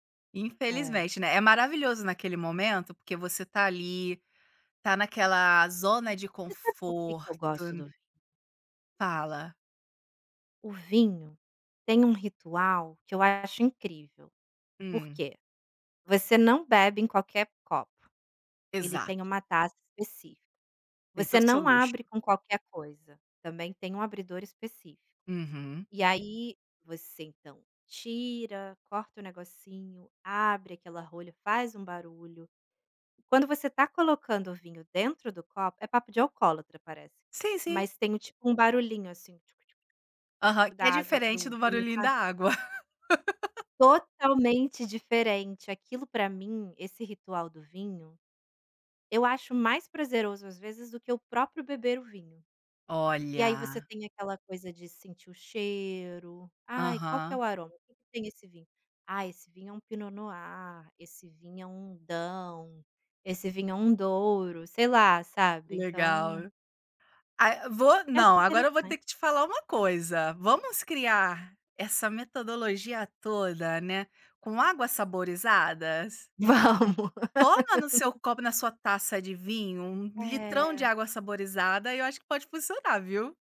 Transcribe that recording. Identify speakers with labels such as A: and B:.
A: É.
B: Infelizmente, né, é maravilhoso naquele momento, porque você tá ali, tá naquela zona de
A: Você sabe porque
B: conforto
A: que eu gosto do vinho?
B: Fala.
A: O vinho tem um ritual que eu acho incrível, por
B: Hum.
A: quê? Você não bebe em qualquer copo, ele tem
B: Exato.
A: uma taça específica,
B: Tem
A: você
B: todo o seu
A: não
B: luxo.
A: abre com qualquer coisa, também tem um abridor específico.
B: Uhum.
A: E aí você, então, tira, corta o negocinho, abre aquela rolha, faz um barulho. Quando você tá colocando o vinho dentro do copo, é papo de alcoólatra parece,
B: Sim, sim.
A: mas tem um, tipo, um barulhinho, assim,
B: Aham, que
A: da
B: é
A: água
B: diferente
A: do
B: do
A: vinho quando
B: barulhinho da
A: ca
B: água.
A: Totalmente diferente, aquilo pra mim, esse ritual do vinho, eu acho mais prazeroso, às vezes, do que o próprio beber o vinho. E aí você
B: Olha.
A: tem aquela coisa de sentir o cheiro, ai qual que é
B: Aham.
A: o aroma, que que tem esse vinho? Ai esse vinho é um Pinot Noir, esse vinho é um Daou, esse vinho é um Douro, sei lá, sabe, então
B: Legal. Ai vou
A: Eu acho
B: não, agora eu vou ter
A: interessante.
B: que te falar uma coisa, vamos criar essa metodologia toda, né, com águas saborizadas?
A: Vamos.
B: Toma no seu copo, na sua taça de vinho um litrão de
A: É.
B: água saborizada e eu acho que pode funcionar, viu?